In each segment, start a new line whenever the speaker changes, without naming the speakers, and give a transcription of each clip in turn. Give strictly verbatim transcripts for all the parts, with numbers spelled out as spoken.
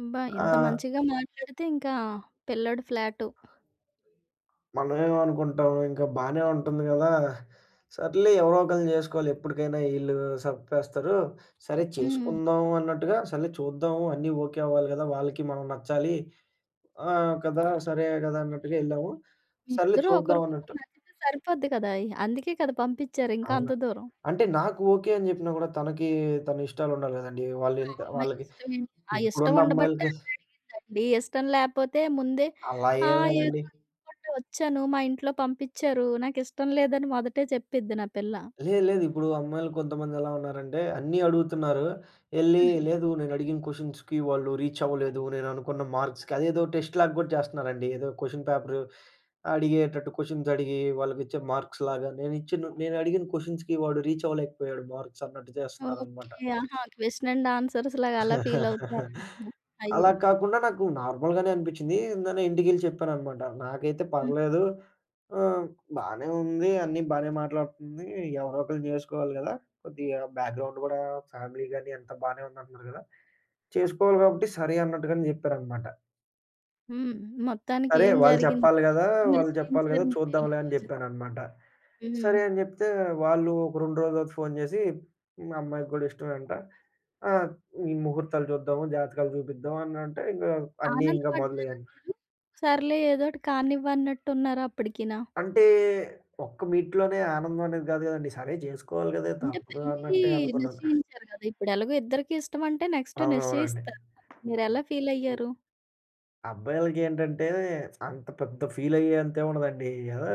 అబ్బా! ఎంత
ఆ!
మంచిగా మాట్లాడితే ఇంకా పిల్లోడు ఫ్లాటు.
మనమేం అనుకుంటాం ఇంకా బానే ఉంటుంది గదా! సర్లే ఎవరో ఒకళ్ళని జేసుకోవాలి ఎప్పటికైనా ఈళ్ళు సప్పేస్తారు. సరే
హ్మ్.
చేసుకుందాం అన్నట్టుగా సర్లే చూద్దాము అన్నీ ఓకే అవ్వాలి గదా! వాళ్ళకి మనం నచ్చాలి. ఆ! కదా! సరే గదా! అన్నట్టుగా ఎళ్ళాము.
మీ
సర్లే
ఇద్దరూ
చూద్దాం
ఒకరికొకరు
అన్నట్టు.
నచ్చితే సరిపోద్ది గదా! అందుకే కదా! పంపిచారు ఇంకా
అవునా?
అంత దూరం.
అంటే నాకు ఓకే అని జెప్పినా గూడా తనకి తన ఇష్టాలుండాలి గదండీ.
ఆ
వాళ్ళింత
అమ్మాయి
వాళ్ళకి
ఇష్టమే. అ ఇష్టం
ఇప్పుడున్న
ఉండబట్టే
అమ్మాయిలకి
అన్నడిగిందండి. ఇష్టం లేపోతే ముందే
అలా
ఆ!
ఏం
ఏదో
లేదండి.
రమ్మంటే ఒచ్చాను మా ఇంట్లో పంపిచారు. నాకిష్టం లేదని మొదటే చెప్పిద్ది నా పిల్ల.
లేదు లేదు. ఇప్పుడు అమ్మాయిలు కొంతమందెలా ఉన్నారంటే అన్ని అడుగుతున్నారు. ఎళ్లి
హ్మ్.
లేదు నేనడిగిన క్వెషన్స్‌కి వాళ్ళు రీచ్ అవ్వలేదు. నేననుకున్న మర్క్స్‌కి అదేదో టెస్ట్ లాగా గూడా జేస్తున్నారండి. ఏదో క్వెషన్ పేపరు అడిగేటట్టు క్వెషన్స్ అడిగి వాళ్ళకిచ్చే మార్క్స్ లాగా నేనిచ్చిను నేనడిగిన క్వెషన్స్‌కి వాడు రీచ్ అవ్వలేకపోయాడు. మార్క్స్ అన్నట్టు జేస్తున్నారన్నమాట.
ఓకే. ఆహా! క్వెషన్ అండ్ ఆన్సర్స్ లాగా అలా ఫీల్ అవుతారంటరా? అయ్యో!
అలా కాకుండా నాకు నార్మల్‌గానే అనిపిచ్చింది. ఎందని ఇంటికెళ్లి చెప్పాననమాట నాకైతే
హ్మ్.
పర్లేదు. ఆ! బానే ఉంది అన్నీ బానే మాట్లాడుతుంది. ఎవరో ఒకల్ని జేసుకోవాలి గదా! కొద్దిగా బ్యాక్‌గ్రౌండ్ కూడా ఫ్యామిలీ గాని అంతా బానే ఉంది అంటున్నారు గదా! చేసుకోవాలి గాబట్టి సరే అన్నట్టుగానే జెప్పారనమాట.
హ్మ్. మొత్తానికి
సరే
ఏం
వాళ్ళు
జరిగింది
చెప్పాలి గదా!
ఎప్పుడు
వాళ్ళు చెప్పాలి గదా!
నిశ్చయించారు మీ పెళ్ళి
చూద్దాంలే అని
రోజు?
జెప్పానన్నమాట. సరే
హ్మ్.
అని జెప్తే వాళ్ళు ఒక రెండు రోజులు తర్వాత ఫోన్ జేసి మా అమ్మాయికి గూడా ఇష్టమేంట. ఆ! హ్మ్. ముహూర్తాలు జూద్దాము జాతకాలు జూపిద్దాం అన్నంటే ఇంగా అని ఇంగ
ఆనందపడ్డారా
మొదలయ్యాను.
మీరు? సర్లే ఏదోటి కానివ్వన్నట్టున్నార అప్పడికినా?
అంటే ఒక్క మీట్‌లోనే ఆనందమనేది గాదు గదండీ. సరే జేసుకోవాలి గదా!
అంటే
తప్పదు
పెళ్లి
అన్నటే అనుకున్నాను.
నిశ్చయించారు గదా! ఇప్పుడెలాగో ఇద్దరికీ ఇష్టమంటే నెక్స్ట్
అవునవునండి.
నిశ్చయిస్తారు. మీరెలా ఫీల్
హ్మ్.
అయ్యారు?
అబ్బాయిలకేంటంటే అంత పెద్ద ఫీల్ అయ్యే అంత ఏముండదండి. ఏదో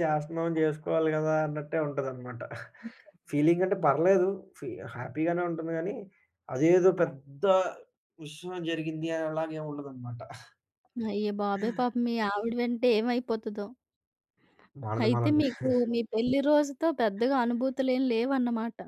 జేస్తున్నాం జేసుకోవాలి గదా! అన్నట్టే ఉంటుందనమాట.
అయ్యో!
ఫీలింగ్ అంటే పర్లేదు ఫీ హ్యాపీగానే ఉంటుంది గాని. అదేదో పెద్ద విషయం జరిగింది అనేలాగా ఏముండదనమాట.
అయ్యో
ఆ!
బాబోయ్! పాపం మీ ఆవిడ వింటే ఏమైపోతదో?
మనది
అయితే
మనం
మీకు మీ పెళ్లి రోజుతో పెద్దగా అనుభూతులేం లేవన్నమాట.